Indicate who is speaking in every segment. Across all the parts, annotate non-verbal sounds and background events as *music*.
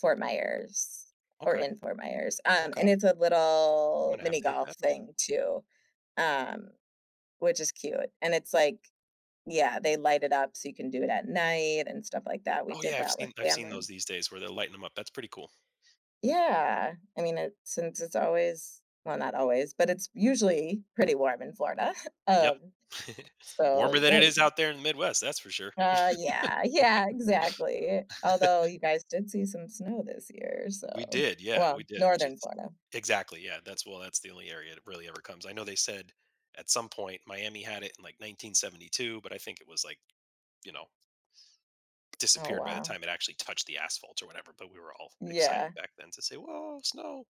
Speaker 1: Fort Myers, or
Speaker 2: Okay.
Speaker 1: in Fort Myers, um, and
Speaker 2: Okay.
Speaker 1: it's a
Speaker 2: I'm
Speaker 1: little
Speaker 2: gonna have
Speaker 1: mini
Speaker 2: to hit that
Speaker 1: golf
Speaker 2: up.
Speaker 1: thing too, um, which is cute, and it's, like, yeah, they light it up so you can do it at night, and stuff like that. We
Speaker 2: Oh,
Speaker 1: did
Speaker 2: yeah, I've
Speaker 1: that with
Speaker 2: seen I've seen those
Speaker 1: family.
Speaker 2: these days where they lighten 'em up, that's pretty cool.
Speaker 1: Yeah, I mean it since it's always well, not always, but it's usually pretty warm in Florida, *chuckles*
Speaker 2: Yep,
Speaker 1: um,
Speaker 2: *chuckles*
Speaker 1: so,
Speaker 2: warmer than
Speaker 1: yeah,
Speaker 2: it
Speaker 1: you
Speaker 2: is
Speaker 1: could
Speaker 2: out there in the Midwest, that's for sure.
Speaker 1: Uh, yeah, yeah, exactly, although
Speaker 2: *laughs*
Speaker 1: you guys did see some snow this year,
Speaker 2: We
Speaker 1: so
Speaker 2: did, yeah, we
Speaker 1: well,
Speaker 2: did, which
Speaker 1: Northern
Speaker 2: is
Speaker 1: Florida.
Speaker 2: Exactly, yeah, that's well, that's the only area it really ever comes. I know they said at some point, Miami had it in, like, 1972, but I think it was, like, you know
Speaker 1: Oh,
Speaker 2: disappeared by the
Speaker 1: wow.
Speaker 2: time it actually touched the asphalt or whatever, but we were all excited
Speaker 1: Yeah.
Speaker 2: back then to say, "Whoa, snow!"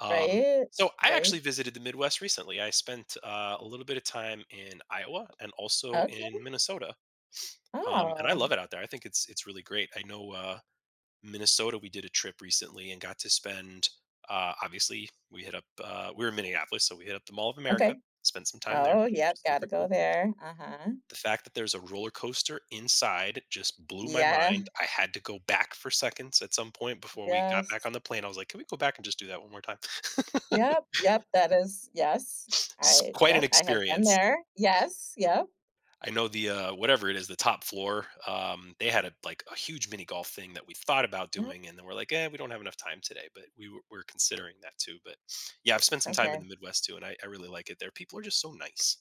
Speaker 2: Um,
Speaker 1: Right?
Speaker 2: so I
Speaker 1: Right?
Speaker 2: actually visited the Midwest recently. I spent, uh, a little bit of time in Iowa and also in
Speaker 1: Okay.
Speaker 2: Minnesota, um, and I love
Speaker 1: Oh!
Speaker 2: it out there, I think it's it's really great. I know, uh, Minnesota we did a trip recently and got to spend uh, obviously, we hit up uh, we're in Minneapolis, so, we hit up the Mall Of America,
Speaker 1: Okay.
Speaker 2: spent some time there,
Speaker 1: Oh,
Speaker 2: which
Speaker 1: yep,
Speaker 2: is
Speaker 1: gotta
Speaker 2: super
Speaker 1: go
Speaker 2: cool.
Speaker 1: there, uh-huh.
Speaker 2: The fact that there's a roller coaster inside just blew my
Speaker 1: Yeah.
Speaker 2: mind, I had to go back for seconds at some point. Before we got
Speaker 1: Yes.
Speaker 2: back on the plane, I was like, "Can we go back and just do that 1 more time?" *laughs*
Speaker 1: Yep, yep, that is yes,
Speaker 2: It's
Speaker 1: I
Speaker 2: quite an
Speaker 1: yep, I have been
Speaker 2: experience.
Speaker 1: there, yes, yep.
Speaker 2: I know the uh, whatever it is, the top floor, um, they had a like, a huge mini golf thing that we thought about
Speaker 1: Mhm.
Speaker 2: doing, and then we're like, "Yeah, we don't have enough time today," but we were we're considering that too, but, yeah, I've spent some time in the
Speaker 1: Okay.
Speaker 2: Midwest too, and I I really like it there. People are just so nice.